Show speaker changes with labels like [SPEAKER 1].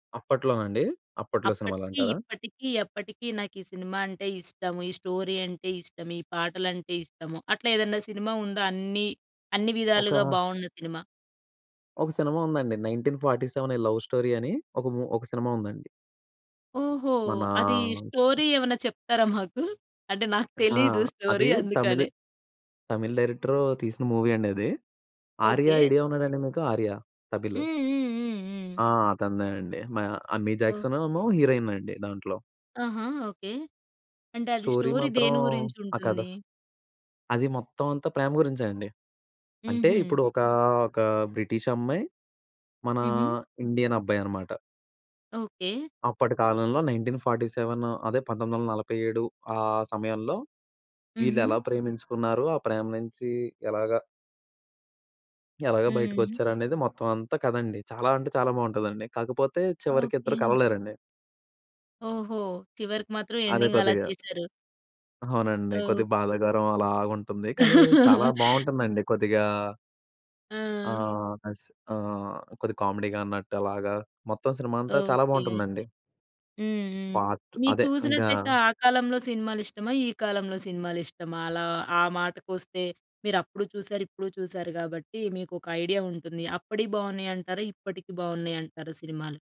[SPEAKER 1] అప్పట్లోనండి? అప్పట్లో
[SPEAKER 2] అప్పటికి
[SPEAKER 1] సినిమాలంటారా?
[SPEAKER 2] ఇప్పటికీ ఎప్పటికీ నాకు ఈ సినిమా అంటే ఇష్టం. ఈ స్టోరీ అంటే ఇష్టం. ఈ పాటలంటే ఇష్టము. అట్లా ఏదైనా సినిమా ఉందా? అన్ని అన్ని
[SPEAKER 1] ఒకా
[SPEAKER 2] విధాలుగా బాగున్న సినిమా?
[SPEAKER 1] ఒక సినిమా ఉందండి 'నైన్‌టీన్ ఫార్టీ సెవెన్ ఈ లవ్ స్టోరీ' అని ఒక ము ఒక సినిమా ఉందండి.
[SPEAKER 2] ఓహో! అది
[SPEAKER 1] మనా
[SPEAKER 2] స్టోరీ ఏమన్నా చెప్తారా మాకు? అంటే నాకు
[SPEAKER 1] హా!
[SPEAKER 2] తెలీదు స్టోరీ
[SPEAKER 1] అది తమిళు
[SPEAKER 2] అందుకనే?
[SPEAKER 1] తమిళ్ డైరెక్టరు తీసిన మూవీ అండి అది. 'ఆర్య'
[SPEAKER 2] ఓకే.
[SPEAKER 1] ఐడియా ఉన్నడా అండి మీకు ఆర్య తమిళు?
[SPEAKER 2] హ్మ్. హ్మ్. హ్మ్. హ్మ్.
[SPEAKER 1] ఆ! అతనదేనండి. మ అమీ
[SPEAKER 2] ఓహ్!
[SPEAKER 1] జాక్సన్ ఏమో హీరోయిన్ అండి దాంట్లో.
[SPEAKER 2] ఆహా! ఓకే. అంటే అది
[SPEAKER 1] స్టోరీ
[SPEAKER 2] స్టోరీ
[SPEAKER 1] మాత్రం
[SPEAKER 2] దేని
[SPEAKER 1] ఆ కథ
[SPEAKER 2] గురించుంటుంది?
[SPEAKER 1] అది మొత్తం అంతా ప్రేమ గురించే అండి. అంటే
[SPEAKER 2] హుహు.
[SPEAKER 1] ఇప్పుడు ఒక ఒక బ్రిటిష్ అమ్మాయి, మన
[SPEAKER 2] హుహు.
[SPEAKER 1] ఇండియన్ అబ్బాయనమాట.
[SPEAKER 2] ఓకే.
[SPEAKER 1] అప్పటి కాలంలో 1947 అదే 1947 ఆ సమయంలో
[SPEAKER 2] హుహు.
[SPEAKER 1] వీళ్ళెలా ప్రేమించుకున్నారు. ఆ ప్రేమ నుంచి ఎలాగ... ఎలాగ
[SPEAKER 2] హ్మ్.
[SPEAKER 1] బయటికొచ్చారనేది మొత్తం అంతా కథ అండి. చాలా అంటే చాలా బాగుంటుందండి! కాకపోతే
[SPEAKER 2] ఓకే.
[SPEAKER 1] చివరికిద్దరు కలవలేరండి.
[SPEAKER 2] ఓహో! చివరికి మాత్రం
[SPEAKER 1] అదే
[SPEAKER 2] ఎండింగ్ అలా
[SPEAKER 1] కొద్దిగా
[SPEAKER 2] చేసారు.
[SPEAKER 1] అవునండి.
[SPEAKER 2] ఓహ్!
[SPEAKER 1] కొద్దిగా బాధాకరం అలాగుంటుంది కానీ చాలా బాగుంటుందండి కొద్దిగా ఆ!
[SPEAKER 2] ఆ!
[SPEAKER 1] అస్ ఆహ్, కొద్దిగా కామెడీగా అన్నట్టు అలాగా మొత్తం సినిమా అంతా చాలా
[SPEAKER 2] ఓకే.
[SPEAKER 1] బాగుంటుందండి!
[SPEAKER 2] హ్మ్. హ్మ్.
[SPEAKER 1] పార్ట్
[SPEAKER 2] మీరు
[SPEAKER 1] అదే ఇంగా
[SPEAKER 2] చూసినట్లయితే ఆ కాలంలో సినిమాలిష్టమా? ఈ కాలంలో సినిమాలిష్టమా? అలా ఆ మాటకొస్తే మీరప్పుడు చూసారు, ఇప్పుడు చూసారు గాబట్టి మీకొక ఐడియా ఉంటుంది. అప్పటియి బాగున్నాయంటారా? ఇప్పటికి బాగున్నాయంటారా సినిమాలు?